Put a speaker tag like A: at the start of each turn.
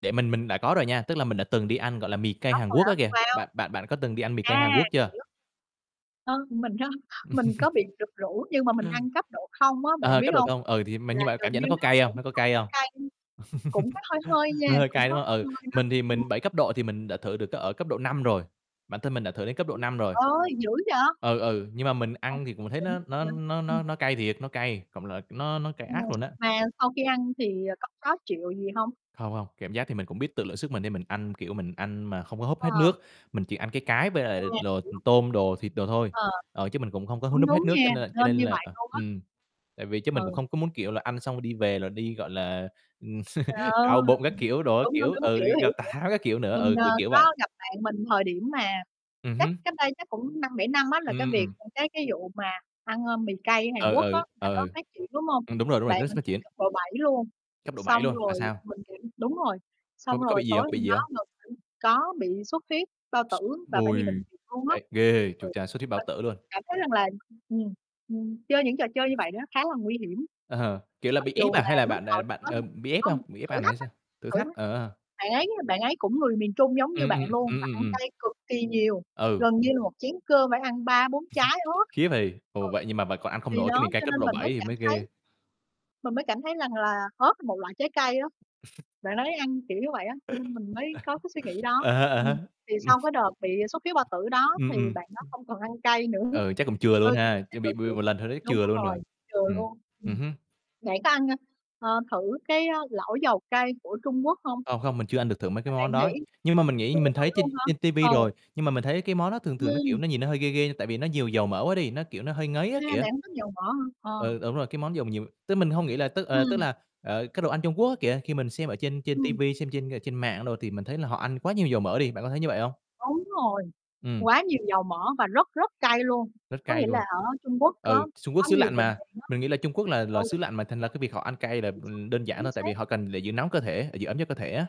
A: Để mình mình đã có rồi nha, tức là mình đã từng đi ăn, gọi là, mì cay
B: Có
A: Hàn
B: người
A: Quốc
B: hả,
A: á kìa,
B: wow!
A: bạn bạn bạn có từng đi ăn mì cay Hàn
B: A,
A: Quốc chưa?
B: hiểu! Ơ, mình á, mình có bị được rủ nhưng mà mình ăn cấp độ 0 á, bạn
A: Ờ.
B: biết
A: Cấp độ
B: hông?
A: 0, ừ, thì m
B: Là
A: nhưng bạn
B: gần
A: cảm nhận
B: như
A: nó có
B: nó
A: cay
B: cũng
A: hông, nó có cay
B: hổng
A: hông?
B: cay, cũng có hơi hơi nha,
A: Nó hơi
B: cũng
A: cay,
B: có
A: đúng hông?
B: hơi
A: Ừ,
B: hơi đó,
A: mình thì
B: ừm.
A: mình 7 cấp độ thì mình đã thử được cấp ở cấp độ 5 rồi, bản thân mình đã thử đến cấp độ
B: Trời
A: 5 rồi.
B: ơi, dữ vậy!
A: Ừ, ừ, nhưng mà mình
B: Ô,
A: ăn thì cũng thấy
B: đỉnh
A: nó nó
B: quá vậy,
A: nó
B: ừm.
A: nó nó cay thiệt, nó cay, cộng lại nó nó cay
B: Ồ,
A: ác luôn á.
B: mà sau khi ăn thì, ờ, có khó chịu gì hông?
A: Hông, hông, cảm giác thì mình cũng biết tự lượng sức mình nên mình ăn, kiểu, mình ăn mà không có húp hết
B: Ờ.
A: nước, mình chỉ ăn cái cái với
B: À,
A: lại l đồ
B: hiểu.
A: tôm đồ, thịt đồ thôi,
B: Ờ,
A: ờ, chứ mình cũng không có hút
B: cũng
A: núp
B: đúng
A: hết nước,
B: nha,
A: cho nên l cho
B: nên
A: nên
B: như
A: là
B: vậy
A: ờ,
B: luôn á.
A: ừm, tại vì chứ mình cũng
B: Ừ.
A: không có muốn, kiểu là, ăn xong rồi đi về rồi đi, gọi là, ừm,
B: Trời ơi!
A: đau bụng, các kiểu đồ, các
B: Đúng, đúng,
A: kiểu,
B: đúng,
A: ừ, đi
B: hiểu, hiểu,
A: gặp tào
B: hiểu.
A: tháo, các kiểu, nữa,
B: Mình,
A: ừ,
B: ờ,
A: kiểu, kiểu vậy.
B: có gặp bạn mình thời điểm mà
A: Ừm
B: chắc
A: hứm.
B: cách đây chắc cũng 5-7 năm á là cái
A: Ừm,
B: việc,
A: ừm.
B: à, cái cái vụ mà ăn, ơ, mì cay Hàn
A: Ừ,
B: Quốc á
A: ừ,
B: là
A: ừ,
B: nó
A: ừ.
B: phát triển, đúng hông?
A: Ừm, đúng rồi, đúng rồi,
B: Bạn
A: [unintelligible]
B: mình
A: phát
B: ăn
A: triển.
B: cấp độ 7 luôn,
A: Cấp độ 7
B: xong
A: luôn, là
B: rồi
A: sao?
B: mình, kiểu đúng rồi,
A: Có
B: xong
A: có
B: rồi
A: bị gì
B: tối
A: hông, có bị
B: hôm
A: gì
B: đó
A: hông?
B: [unintelligible] có bị xuất huyết bao tử và phải đi bệnh
A: Ôi,
B: viện luôn á.
A: ây, ghê!
B: Ừ,
A: Chu cha, xuất huyết bao
B: mình
A: tử luôn.
B: cảm thấy rằng là ừm, ừm, chơi những trò chơi như vậy đó khá là nguy hiểm.
A: Kiểu là,
B: Mặc
A: bị ép
B: dù
A: à
B: là
A: hay là
B: lúc
A: bạn, à,
B: đầu thì
A: bạn,
B: có
A: ờ,
B: [unintelligible]
A: bị ép không?
B: không
A: Bị ép
B: thử
A: ăn hả
B: thách
A: hay
B: á,
A: sao? Thử
B: thử
A: thách,
B: thách,
A: ờ, ờ.
B: bạn ấy, a, bạn ấy cũng người miền Trung giống như
A: Ừm,
B: bạn
A: ừm,
B: luôn,
A: ừm,
B: và
A: ừm,
B: ăn
A: ừm.
B: cay cực kỳ nhiều,
A: Ừ.
B: gần như là một chén cơm phải ăn 3,4 trái ớt.
A: Khiếp hầy, ồ, vậy nhưng mà bạn còn ăn
B: Ừ,
A: không
B: thì
A: nổi cái
B: đó,
A: mì cay
B: cho
A: cấp
B: nên
A: độ
B: mình mới
A: 7 thì
B: cảm
A: mới
B: thấy
A: ghê.
B: mình mới cảm thấy rằng là ớt một loại trái cây á, bạn đấy ăn kiểu như vậy á, cho nên mình mới có cái suy nghĩ đó
A: À há, à há.
B: ừm, thì
A: Ừm.
B: sau cái đợt bị xuất huyết bao tử đó
A: Ừm,
B: thì
A: ừm.
B: bạn đó không còn ăn cay nữa,
A: Ừ, chắc cũng chừa luôn
B: ừ, thì
A: ha,
B: cũng thấy
A: chứ bị
B: tội
A: bị
B: nghiệp
A: một lần thôi đấy,
B: đúng
A: chừa luôn rồi.
B: rồi, chừa
A: Ừm,
B: luôn.
A: ừm
B: Ừm,
A: hứm.
B: bạn có ăn, ơ, ờ, thử cái lẩu dầu cay của Trung Quốc hông?
A: Không, không mình chưa ăn được thử mấy
B: Mà
A: cái món
B: bạn
A: đó,
B: nghĩ
A: nhưng mà mình nghĩ
B: chưa
A: mình
B: thử
A: thấy trên
B: luôn hả?
A: trên ti vi
B: Ừ.
A: rồi, nhưng mà mình thấy cái món đó thường thường nó, kiểu,
B: Ừm.
A: nó nhìn nó hơi ghê ghê nhưng tại vì nó nhiều dầu mỡ quá đi, nó, kiểu, nó hơi ngấy
B: A,
A: á kìa.
B: bạn không thích dầu mỡ hả? Ờ.
A: Ừ, đúng rồi, cái món dầu nhiều tức mình hông nghĩ là tức, ờ, tức
B: Ừm.
A: là, ờ, cái, đồ ăn Trung Quốc á kìa, khi mình xem ở trên trên ti
B: Ừm.
A: vi, xem trên, ờ, trên mạng đồ thì mình thấy là họ ăn quá nhiều dầu mỡ đi, bạn có thấy như vậy hông?
B: Đúng rồi,
A: Ừm.
B: quá nhiều dầu mỡ và rất, rất cay luôn,
A: Rất
B: có
A: cay
B: nghĩa là
A: luôn.
B: ở Trung Quốc
A: Ừ,
B: có
A: Trung Quốc
B: có
A: xứ
B: nhiều
A: lạnh
B: vùng
A: mà,
B: miền á,
A: mình nghĩ là Trung Quốc là là
B: ừ.
A: xứ lạnh mà thành ra cái việc họ ăn cay là,
B: Chính xác,
A: ừm, đơn giản
B: chính
A: thôi, tại vì
B: xác.
A: họ cần để giữ nóng cơ thể, để giữ ấm cho cơ thể á.